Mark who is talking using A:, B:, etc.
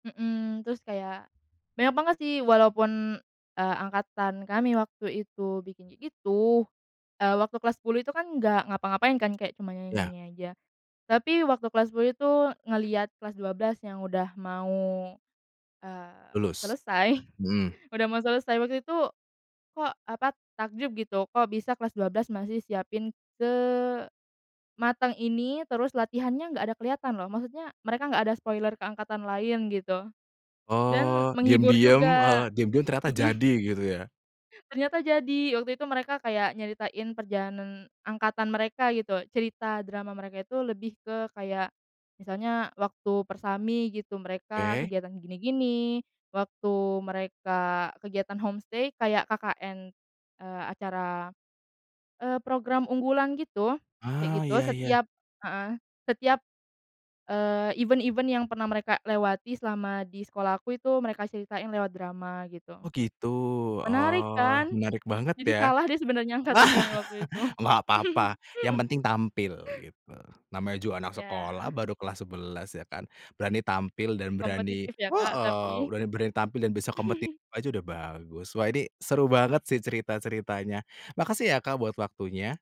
A: Mhm, terus kayak, banyak banget sih walaupun, eee, angkatan kami waktu itu bikin kayak gitu, eee, waktu kelas 10 itu kan nggak ngapa-ngapain kan kayak cuma
B: Ya.
A: nyanyi-nyanyi aja. Tapi waktu kelas 10 itu ngelihat kelas 12 yang udah mau, eee,
B: Lulus?
A: selesai,
B: Mhm.
A: udah mau selesai waktu itu kok, apa, takjub gitu kok bisa kelas 12 masih siapin sematang ini, terus latihannya gak ada keliatan loh, maksudnya mereka gak ada spoiler ke angkatan lain gitu dan
B: Oh,
A: menghibur
B: diem-diem heeh,
A: juga,
B: diem-diem ternyata
A: mhm.
B: jadi, gitu ya?
A: Ternyata jadi, waktu itu mereka kayak nyeritain perjalanan angkatan mereka, gitu, cerita drama mereka itu lebih ke, kayak, misalnya, waktu Persami, gitu, mereka
B: Oke.
A: kegiatan gini-gini. Waktu mereka kegiatan home-stay kayak KKN, eee, acara, eee, program unggulan gitu, kayak
B: Ah,
A: gitu.
B: iya iya.
A: Setiap heeh, setiap, eee, event-event yang pernah mereka lewati selama di sekolahku itu mereka ceritain lewat drama, gitu.
B: Oh, gitu?
A: Menarik
B: Oh,
A: kan?
B: menarik banget
A: Jadi
B: ya.
A: kalah deh sebenarnya angkatan kami waktu itu.
B: Enggak papa, yang penting tampil, gitu, namanya juga anak sekolah
A: Ya.
B: baru kelas 11 ya kan, berani tampil dan berani
A: Kompetitif ya, Kak,
B: heeh,
A: tapi
B: berani berani tampil dan bisa kompetitif aja udah bagus. Wah, ini seru banget sih cerita-ceritanya. Makasih ya, Kak, buat waktunya.